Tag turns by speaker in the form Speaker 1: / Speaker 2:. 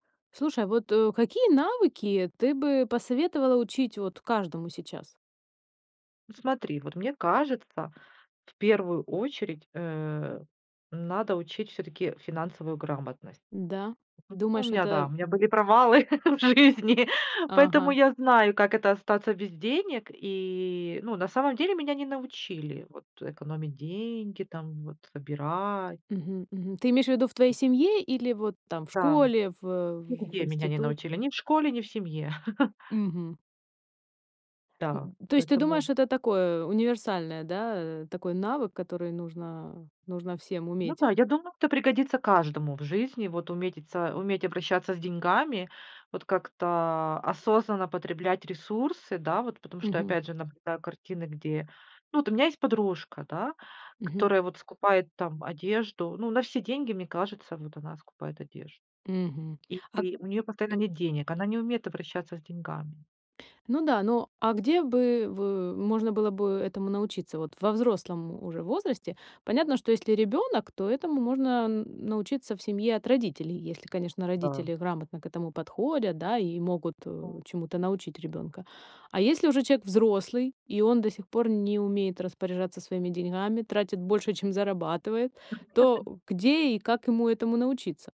Speaker 1: Слушай, а вот, э, какие навыки ты бы посоветовала учить вот каждому сейчас?
Speaker 2: Ну смотри, вот мне кажется, в первую очередь, э, надо учить всё-таки финансовую грамотность.
Speaker 1: Да.
Speaker 2: [unintelligible] У
Speaker 1: Думаешь,
Speaker 2: меня, да,
Speaker 1: это,
Speaker 2: у меня
Speaker 1: м
Speaker 2: были провалы в жизни, поэтому
Speaker 1: Ага.
Speaker 2: я знаю, как это остаться без денег. И, ну, на самом деле, меня не научили, вот, э, экономить деньги, там, вот, выбирать.
Speaker 1: Мгм, мгм. Ты имеешь в виду в твоей семье или вот там в
Speaker 2: Да.
Speaker 1: школе, в э, в
Speaker 2: Нигде меня не
Speaker 1: институте?
Speaker 2: научили. Ни в школе, ни в семье.
Speaker 1: Мгм.
Speaker 2: Да,
Speaker 1: М, то есть ты думаешь,
Speaker 2: поэтому
Speaker 1: что это такое универсальное, да, э, такой навык, который нужно нужно всем
Speaker 2: Ну
Speaker 1: уметь.
Speaker 2: да, я думаю, это пригодится каждому в жизни. Вот уметитса уметь обращаться с деньгами, вот как-то, а, осознанно потреблять ресурсы, да, вот, потому что,
Speaker 1: Мгм.
Speaker 2: опять же, наблюдаю картины, где ну, вот у меня есть подружка, да,
Speaker 1: Мгм.
Speaker 2: которая вот скупает там одежду. Ну, на все деньги, мне кажется, вот она скупает одежду,
Speaker 1: Мгм,
Speaker 2: и
Speaker 1: а к
Speaker 2: и у неё постоянно нет денег. Она не умеет обращаться с деньгами.
Speaker 1: Ну да, но а где бы вы можно было бы этому научиться? Вот во взрослом уже возрасте. Понятно, что если ребёнок, то этому можно н научиться в семье от родителей. Если, конечно,
Speaker 2: Да.
Speaker 1: родители грамотно к этому подходят, да, и могут, э, чему-то научить ребёнка. А если уже человек взрослый и он до сих пор не умеет распоряжаться своими деньгами, тратит больше, чем зарабатывает, то,
Speaker 2: [unintelligible]
Speaker 1: э, где и как ему этому научиться?